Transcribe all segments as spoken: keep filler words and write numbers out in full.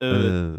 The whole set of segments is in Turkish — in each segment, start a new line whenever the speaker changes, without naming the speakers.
Evet.
Eee,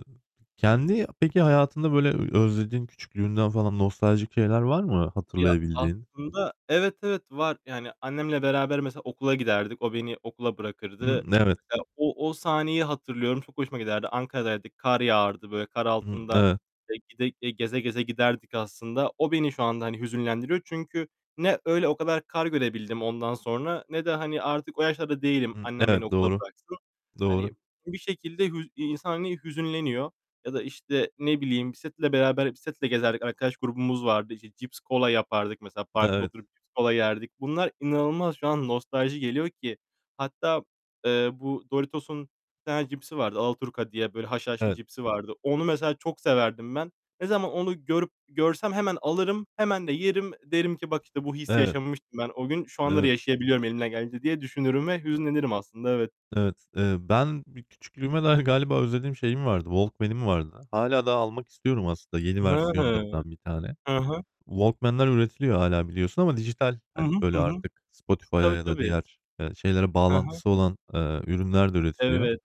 kendi peki hayatında, böyle, ö özlediğin küçüklüğünden falan nostaljik şeyler var mı
Ya,
hatırlayabildiğin?
aslında Evet, evet var. Yani, annemle beraber mesela okula giderdik, o beni okula bırakırdı.
Hımm, evet.
Mesela o o sahneyi hatırlıyorum, çok hoşuma giderdi. Ankara'daydık, kar yağardı, böyle, kar
Hımm,
altında
evet.
e gide gide, geze geze giderdik, aslında. O beni şu anda, hani, hüzünlendiriyor. Çünkü ne öyle o kadar kar görebildim ondan sonra ne de, hani, artık o yaşlarda değilim
Hıı.
annem beni
Evet.
okula
Doğru,
bıraksın.
doğru.
Hani, bir şekilde hüz iii, insan, hani, hüzünleniyor. Ya da, işte, ne bileyim, bisikletle beraber bisikletle gezerdik, arkadaş grubumuz vardı. İşte, cips, kola yapardık mesela parkta
Evet.
oturup cips, kola yerdik. Bunlar inanılmaz şu an nostalji geliyor ki. Hatta, eee, bu Doritos'un bir tane cipsi vardı; Alaturka diye, böyle, haşhaşlı
Evet.
cipsi vardı. Onu mesela çok severdim ben. Ne zaman onu görüp görsem hemen alırım, hemen de yerim. Derim ki: "Bak işte, bu hissi
Evet.
yaşamıştım ben o gün. Şu anları
Evet.
yaşayabiliyorum elimden geldiğince." diye düşünürüm ve
E
hüzünlenirim aslında. Evet.
Evet. Eee, ben bir küçüklüğüme dair galiba özlediğim şeyim vardı, walkman'im vardı. Hâlâ daha almak istiyorum aslında yeni
Hı hı.
versiyonlarından bir tane.
Hı hı.
Walkman'ler üretiliyor hâlâ biliyorsun ama dijital,
Hı hı.
hani,
Hı
böyle,
hı.
artık Spotify'a
Tabii,
ya da
tabii.
diğer, eee, şeylere
Hı hı.
bağlantısı olan, eee, ürünler de üretiliyor.
Evet.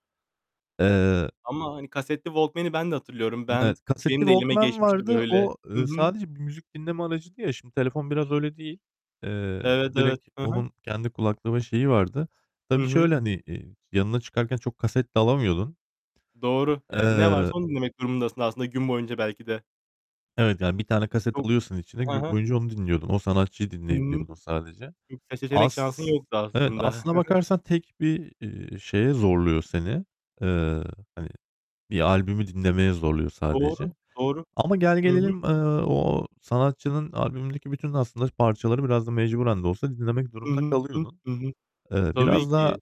Eee
Ama, hani, kasetli walkman'i ben de hatırlıyorum.
Hımm,
Ben
evet. Kasetli
benim de elime
Walkman
geçmişti,
vardı.
böyle
O,
Hı
eee,
hı.
sadece bir müzik dinleme aracıydı ya, şimdi telefon biraz öyle değil. Eee,
Evet, evet.
direkt
Hı hı.
onun kendi kulaklığı ve şeyi vardı.
I
Tabii
hı.
şöyle, hani, eee, yanına çıkarken çok kaset de alamıyordun.
Doğru. Yani ne varsa
Eee
onu dinlemek durumundasın aslında gün boyunca belki de.
Evet, yani, bir tane kaset
Çok
alıyorsun içine,
He
gün
he.
boyunca onu dinliyordun. O sanatçıyı
I hı.
dinleyebiliyordun sadece.
Çok da seçenek
As
şansın yoktu
evet,
aslında.
aslında bakarsan tek bir, eee, şeye zorluyor seni. Eee, hani, bir albümü dinlemeye zorluyor
Doğru,
sadece.
doğru.
Ama
Hı hı.
gelgelelim, eee, o sanatçının albümündeki bütün aslında parçaları biraz da mecburen de olsa dinlemek
Hı
durumunda
hı.
kalıyordun.
Hı hı.
Eee,
Tabii
biraz daha,
ki.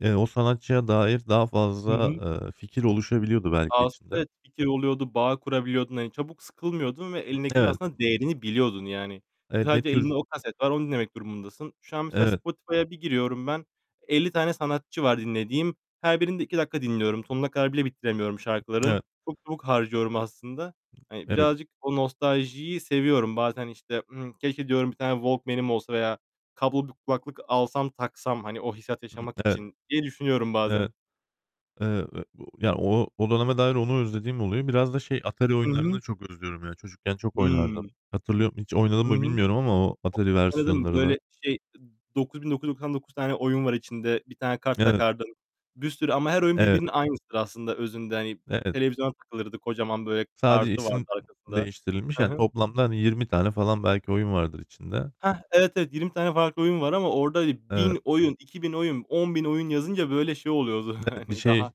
eee, o sanatçıya dair daha
Hı hı.
fazla, eee, fikir oluşabiliyordu belki
Aslında
içinde.
evet, fikir oluyordu, bağ kurabiliyordun. Hani, çabuk sıkılmıyordun ve
I
elindekinin
Evet.
aslında değerini biliyordun, yani. Çünkü
Eee, ne
sadece elinde
tür
o kaset var, onu dinlemek durumundasın. Şu an mesela,
Evet.
Spotify'a bir giriyorum ben, elli tane sanatçı var dinlediğim. Her birini de iki dakika dinliyorum. Sonuna kadar bile bitiremiyorum şarkıların.
Eve
Çok çabuk harcıyorum aslında. Hani,
Evet.
birazcık o nostaljiyi seviyorum. Bazen, işte, ımm, "Keşke" diyorum, "Bir tane walkman'im olsa veya kablolu bir kulaklık alsam, taksam, hani, o hissiyatı
Hı.
yaşamak
Evet.
için." diye düşünüyorum
Evet.
bazen.
Eee, ve bu Ya, o o döneme dair onu özlediğim oluyor. Biraz da şey, Atari
Hı hı.
oyunlarını çok özlüyorum ya. Çocukken çok
Hıı!
oynardım. Hatırlıyorum, hiç oynadım
Hı
mı
hı.
bilmiyorum ama o Atari
O aradım,
versiyonlarını.
böyle, şey, dokuz bin dokuz yüz doksan dokuz tane oyun var içinde. Bir tane kart
Evet.
takardın. Bir sürü ama her oyun
Evet.
birbirinin aynısıdır aslında özünde, hani.
Evet.
Televizyona takılırdı. Kocaman, böyle,
Sadece
kartı vardı
isim
arkasında.
değiştirilmiş.
Hı
Yani
hı.
toplamda, hani, yirmi tane falan belki oyun vardır içinde.
Heh! Evet, evet. yirmi tane farklı oyun var ama orada i
Evet.
bin oyun, iki bin oyun, on bin oyun yazınca, böyle, şey oluyordu,
Evet, bir
hani,
şey
daha